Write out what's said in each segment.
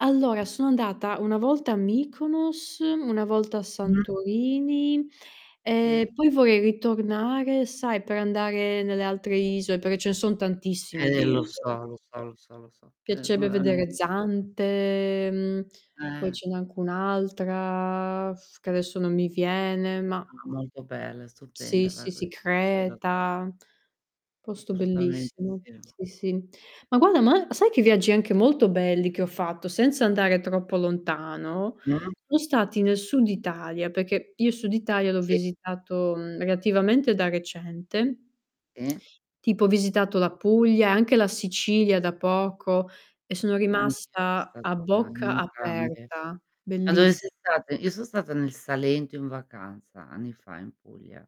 Allora, sono andata una volta a Mykonos, una volta a Mh-mh. Santorini, Sì. ehm, poi vorrei ritornare, sai, per andare nelle altre iso per ce ne son tantissime Eh, e di lo isole. so, lo so, lo so, lo so. Ce ne so Piacerebbe vedere veramente tan Zante, mhmm, poi Eh. ce n'è anche un' altra, f che adesso non mi viene, ma No, ma, molto bella, è Sì, stupenda la sì, sì Grecia. Sì, no. Creta. Posto Assolutamente bellissimo, sì. sì, sì. Ma guarda, ma sai che viaggi anche molto belli che ho fatto, senza andare troppo lontano, Mh. sono stati nel sud Italia, perché io il sud Italia l'ho Sì. visitato, mhmm, relativamente da recente. I Tipo ho visitato la Puglia e anche la Sicilia da poco, e sono Ma anch'io so' rimasta stata a [unintelligible] bocca entrambe. aperta. Ma dove Belliss sei stata? Io so' stata nel Salento in vacanza, anni fa, in Puglia.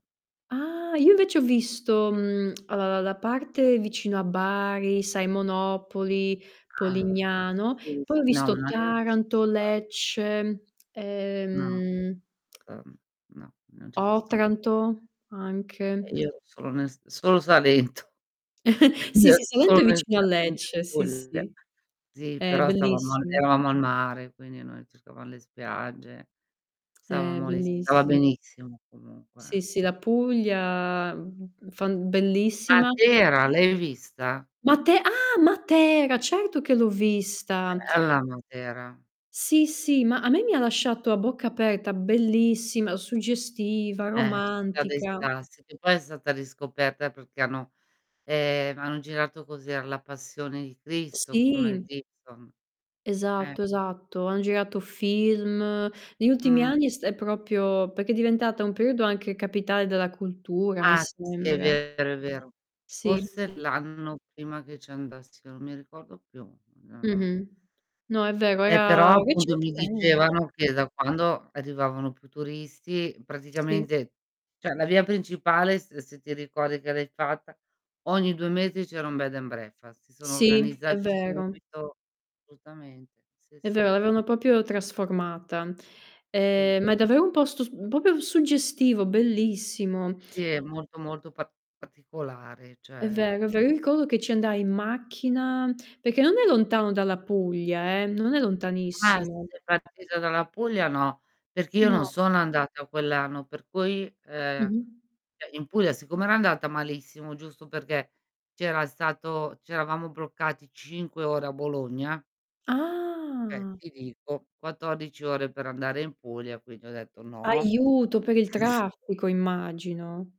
Ah, io invece ho visto, mhmm, uhm, la parte vicino a Bari, sai Monopoli, Ah. Polignano, Sì, sì, poi ho sì. No, visto ma lì non ci son Taranto, stata. Lecce. No. Ehm [unintelligible] No, non ci son sta Otranto E anche. io ero solo nel S solo Salento. Quindi, Sì, ero sì, solo Salento è nel vicino a Salento e in Lecce, sì, Puglia. sì. Sì, È però stavamo and bellissim eravamo al mare, quindi noi cercavam le spiagge, È stavamo lì si stava bellissi benissimo comunque, Sì, eh. sì. La Puglia, mhmm, fan bellissima. Matera l'hai vista? Mate Ah! Matera. Certo che l'ho vista. Bella Matera. Sì, sì, ma a me mi ha lasciato a bocca aperta. Bellissima, suggestiva, Eh, la città dei romantica. Sassi. Che poi è stata riscoperta perché hanno ehm, hanno girato cos'era? La passione di Cristo, con Mel Sì. Gibson. Eh. Esatto, esatto. Han girato film. Negli ultimi Mh. anni è st è proprio perché è diventata un periodo anche capitale della cultura, mi Ah, sì, sì, è sembra. vero, è vero. Sì. Forse l'anno prima che ci andassi io, non mi ricordo più. Mhmm Mh-mh. No, è vero, Eh, però, era appunto mi recentemen dicevano che da quando arrivavano più turisti, Sì. praticamente cioè la via principale s ehm, se ti ricordi che l'hai fatta, ogni 2 mesi c'era un bed and breakfast, si sono Sì, è organizzati vero. subito. Assolutamente, sì, È sì. vero, l'avevano proprio trasformata. Sì. Ehm, ma è davvero un posto s mhmm, proprio suggestivo, bellissimo. Sì, è molto, molto pa particolare, È cioè vero, è ve Io ricordo che ci andai in macchina perché non è lontano dalla Puglia eh, non è Ah, lontanissimo. sei partita dalla Puglia o no? Perché io non No. sono andata quell'anno, per cui, ehm Mh-mh. cioè in Puglia siccome era andata malissimo, giusto perché c'era stato c'eravamo bloccati 5 ore a Bologna Eh, Ah. ti dico, 14 ore per andare in Puglia, quindi ho detto: "No." Aiuto, per il traffico immagino.